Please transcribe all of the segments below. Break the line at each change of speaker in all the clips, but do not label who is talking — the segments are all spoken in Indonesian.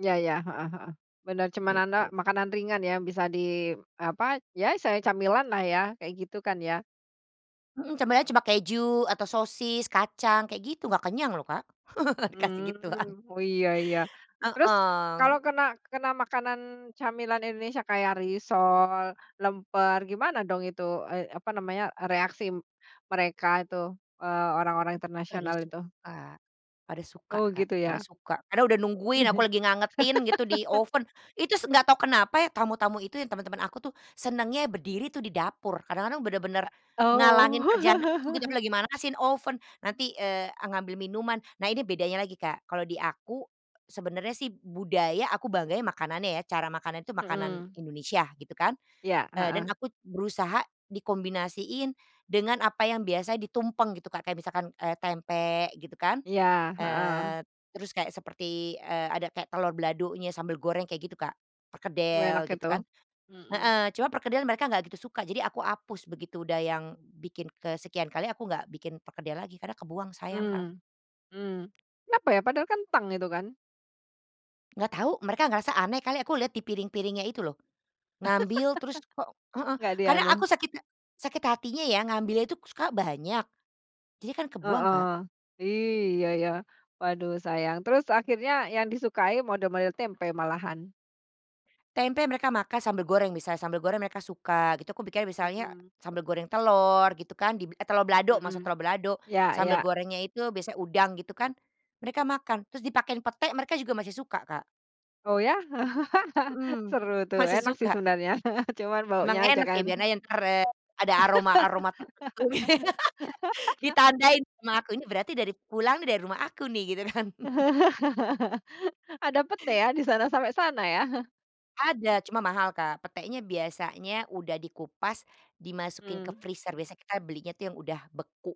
Iya iya, heeh heeh, benar cuman nana
Gitu.
makanan ringan ya bisa di apa, ya selain camilan lah ya, kayak gitu kan ya?
Mhm, sebenernya cuma keju, atau sosis, kacang kayak gitu, gak kenyang loh Kak, dikasih gituan.
Mmm, oh iya iya. Terus kalau
Heeh.
kena kena makanan camilan Indonesia kayak risol, lemper, gimana dong itu ay apa namanya, reaksi mereka itu, eee, orang-orang
Pada
internasional
suka
itu?
pada suka suka
Oh,
Kak,
gitu
pada
ya?
suka, karena udah nungguin aku lagi ngangetin gitu di oven, itu s enggak tau kenapa ya tamu-tamu itu ya, teman-teman aku tuh senangnya berdiri tuh di dapur, kadang-kadang bener-bener
Eee,
ngalangin kerjaan aku gitu.
oh.
Aku Lagi manasiin oven, nanti, eee, ngambil minuman, nah ini bedanya lagi Kak, kalau di aku, sebenarnya sih budaya aku bangganya makanannya ya, cara makanan itu makanan
Mhm.
Indonesia gitu kan,
Iya,
dan
heeh.
aku berusaha dikombinasiin dengan apa yang biasanya ditumpeng gitu Kak, kayak misalkan, eee, tempe gitu kan,
Iya, heeh.
eee, terus kayak seperti, eee, ada kayak telor baladonya, sambel goreng kayak gitu Kak,
Enak
perkedel gitu
itu.
kan.
Mhm.
Heeh, cuma perkedel mereka nggak gitu suka, jadi aku hapus begitu, udah yang bikin kesekian kali, aku nggak bikin perkedel lagi karena kebuang, sayang, Kak.
Mmm mmm. Kenapa ya? Padahal kentang itu kan?
Nggak tau, mereka ngerasa aneh kali aku lihat di piring-piringnya itu loh. Ngambil, terus kok heeh,
Nggak di
karena aku
anu?
sakit sakit hatinya ya, ngambil itu suka banyak, jadinya kan kebuang, Kak.
Heeh. Iya ya, waduh sayang. Terus akhirnya yang disukai model-model tempe malahan?
Tempe mereka makan, sambel goreng bisa sambel goreng mereka suka gitu. Aku bikin misalnya
Mhm.
sambel goreng telur, gitu kan dib eh telor balado, masak
Mhm,
telor balado.
ya
Sambel
ya.
gorengnya itu biasanya udang gitu kan. Mereka makan terus dipakein pete, mereka juga masih suka, Kak.
Oh ya?
Mhm,
Seru tuh,
masih
enak sih
suka.
sebenarnya cuman
Emang
baunya aja
enak ya,
kan?
biar aja entar, eee, ada aroma-aroma tertentu. Ditandain rumah aku, ini berarti dari pulang dari rumah aku nih, gitu kan.
Ada pete ya di sana? Sampai sana ya?
Ada cuma mahal, Kak. Petenya biasanya udah dikupas dimasukin ke
Mmm.
freezer, biasa kita belinya tuh yang udah beku.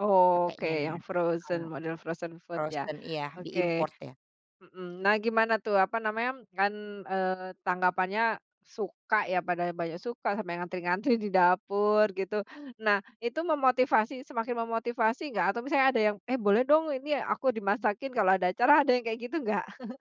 Oke
Petenya,
yang
heeh.
frozen, model frozen food ya,
Frozen, iya,
oke.
di-import ya.
Mhm, nah gimana tuh apa namanya kan, eee, tanggapannya suka ya, pada banyak suka sampai ngantri-ngantri di dapur gitu. Nah itu memotivasi semakin memotivasi enggak atau misalnya ada yang, "Eh boleh dong ini aku dimasakin kalau ada acara." Ada yang kayak gitu enggak?